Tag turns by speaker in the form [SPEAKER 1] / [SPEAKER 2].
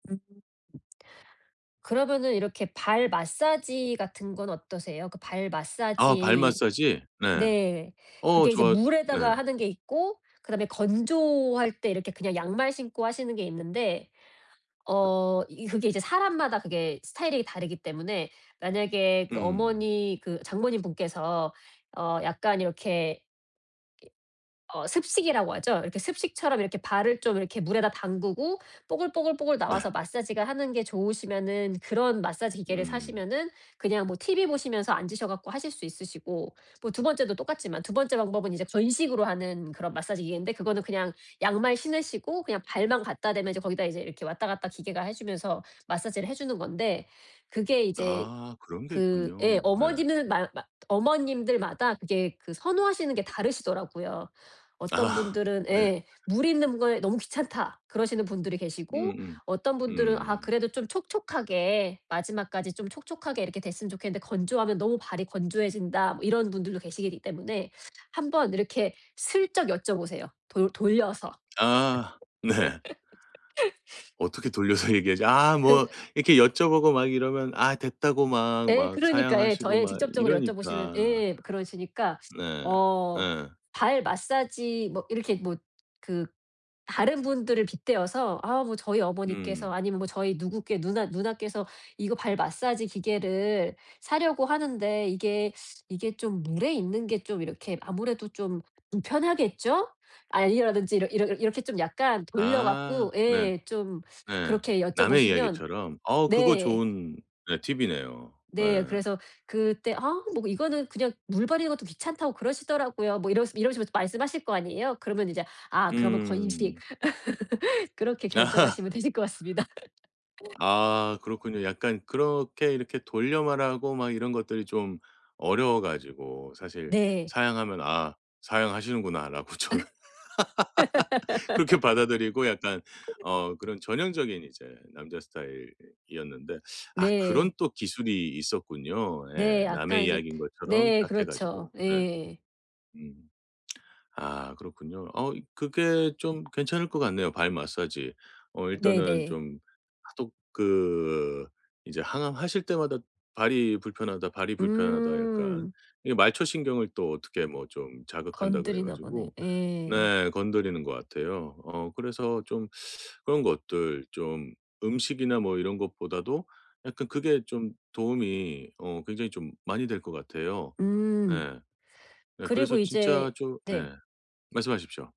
[SPEAKER 1] 음 그러면은 이렇게 발 마사지 같은 건 어떠세요? 그 발
[SPEAKER 2] 아 발
[SPEAKER 1] 마사지
[SPEAKER 2] 마사지. 네.
[SPEAKER 1] 네.
[SPEAKER 2] 어
[SPEAKER 1] 그게 이제
[SPEAKER 2] 좋아 네.
[SPEAKER 1] 물에다가 하는 게 있고 그다음에 건조할 때 이렇게 그냥 양말 신고 하시는 게 있는데 어 이 그게 이제 사람마다 그게 스타일이 다르기 때문에 만약에 그
[SPEAKER 2] 음.
[SPEAKER 1] 어머니 그 장모님분께서 어 약간 이렇게 이 어 습식이라고 하죠. 이렇게 습식처럼 이렇게 발을 좀 이렇게 물에다 담그고 뽀글뽀글뽀글
[SPEAKER 2] 네.
[SPEAKER 1] 나와서 마사지가 하는 게 좋으시면은 그런 마사지 기계를
[SPEAKER 2] 음.
[SPEAKER 1] 사시면은 그냥 뭐 TV 보시면서 앉으셔 갖고 하실 수 있으시고. 뭐 2번째도 똑같지만 2번째 방법은 이제 건식으로 하는 그런 마사지 기계인데 그거는 그냥 양말 신으시고 그냥 발만 갖다 대면 이제 거기다 이제 이렇게 왔다 갔다 기계가 해주면서 마사지를 해주는 건데 그게 이제
[SPEAKER 2] 아 그런 게
[SPEAKER 1] 그 예
[SPEAKER 2] 있군요. 네.
[SPEAKER 1] 어머니는 마 마 어머님들마다 그게 그 선호하시는 게 다르시더라고요. 어떤
[SPEAKER 2] 아
[SPEAKER 1] 분들은
[SPEAKER 2] 네.
[SPEAKER 1] 예 "물 있는 게 너무 귀찮다." 그러시는 분들이 계시고
[SPEAKER 2] 음음.
[SPEAKER 1] 어떤 분들은 "아
[SPEAKER 2] 음.
[SPEAKER 1] 그래도 좀 촉촉하게 마지막까지 좀 촉촉하게 이렇게 됐으면 좋겠는데 건조하면 너무 발이 건조해진다." 뭐 이런 분들도 계시기 때문에 한번 이렇게 슬쩍 여쭤보세요. 돌 돌려서.
[SPEAKER 2] 아 네. 어떻게 돌려서 얘기하지. 아 뭐
[SPEAKER 1] 그
[SPEAKER 2] 이렇게 여쭤보고 막 이러면 아 됐다고 막
[SPEAKER 1] 예.
[SPEAKER 2] 막
[SPEAKER 1] 그러니까. 예. 저
[SPEAKER 2] 사양하시고
[SPEAKER 1] 예
[SPEAKER 2] 막
[SPEAKER 1] 직접적으로 여쭤보시면
[SPEAKER 2] 이러니까.
[SPEAKER 1] 예 그러시니까.
[SPEAKER 2] 네.
[SPEAKER 1] 어
[SPEAKER 2] 예.
[SPEAKER 1] 발 마사지 뭐 이렇게 뭐 그 다른 분들을 빗대어서 "아 뭐 저희 어머니께서"
[SPEAKER 2] 음.
[SPEAKER 1] 아니면 "저희 누구께 누나 누나께서 이거 발 마사지 기계를 사려고 하는데 이게, 이게 좀 물에 있는 게 좀 이렇게 아무래도 좀 불편하겠죠?" 아 이러든지 이러 이러 이렇게 좀 약간 돌려
[SPEAKER 2] 아.
[SPEAKER 1] 갖고
[SPEAKER 2] 네.
[SPEAKER 1] 예 좀
[SPEAKER 2] 네.
[SPEAKER 1] 그렇게
[SPEAKER 2] 남의
[SPEAKER 1] 여쭤보시면
[SPEAKER 2] 이야기처럼. 어 그거
[SPEAKER 1] 네.
[SPEAKER 2] 좋은 네 팁이네요.
[SPEAKER 1] 네.
[SPEAKER 2] 예.
[SPEAKER 1] 그래서 그때 "아 뭐 이거는 그냥 물 버리는 것도 귀찮다고 그러시더라고요." 뭐 이러시 이러시면서 말씀하실 거 아니에요. 그러면 이제 아 그러면 건식
[SPEAKER 2] 음.
[SPEAKER 1] 그렇게 결정하시면 되실 것 같습니다.
[SPEAKER 2] 아 그렇군요. 약간 그렇게 이렇게 돌려 말하고 이런 것들이 좀 어려워 가지고 사실
[SPEAKER 1] 네.
[SPEAKER 2] 사양하면 '아 사양하시는구나.'라고 저는 그렇게 받아들이고 약간 어 그런 전형적인 이제 남자 스타일이었는데. 아 그런
[SPEAKER 1] 네.
[SPEAKER 2] 또 기술이 있었군요. 예.
[SPEAKER 1] 네. 아까
[SPEAKER 2] 남의
[SPEAKER 1] 이제
[SPEAKER 2] 이야기인 것처럼
[SPEAKER 1] 네
[SPEAKER 2] 딱 해
[SPEAKER 1] 그렇죠.
[SPEAKER 2] 가지고. 네.
[SPEAKER 1] 예.
[SPEAKER 2] 음. 아 그렇군요. 어 그게 좀 괜찮을 것 같네요. 발 마사지. 어 일단은
[SPEAKER 1] 네네.
[SPEAKER 2] 좀 하독 그 이제 항암하실 때마다 "발이 불편하다, 발이 불편하다 약간."
[SPEAKER 1] 음.
[SPEAKER 2] 이 말초신경을 또 어떻게 뭐 좀 자극한다 그래
[SPEAKER 1] 건드리나 보네.
[SPEAKER 2] 가지고
[SPEAKER 1] 예.
[SPEAKER 2] 네 건드리는 것 같아요 어 그래서 좀 그런 것들 좀 음식이나 뭐 이런 것보다도 약간 그게 좀 도움이 어 굉장히 좀 많이 될 것 같아요.
[SPEAKER 1] 음.
[SPEAKER 2] 예. 예.
[SPEAKER 1] 그리고
[SPEAKER 2] 그래서 진짜
[SPEAKER 1] 이제
[SPEAKER 2] 좀
[SPEAKER 1] 네.
[SPEAKER 2] 예 말씀하십시오.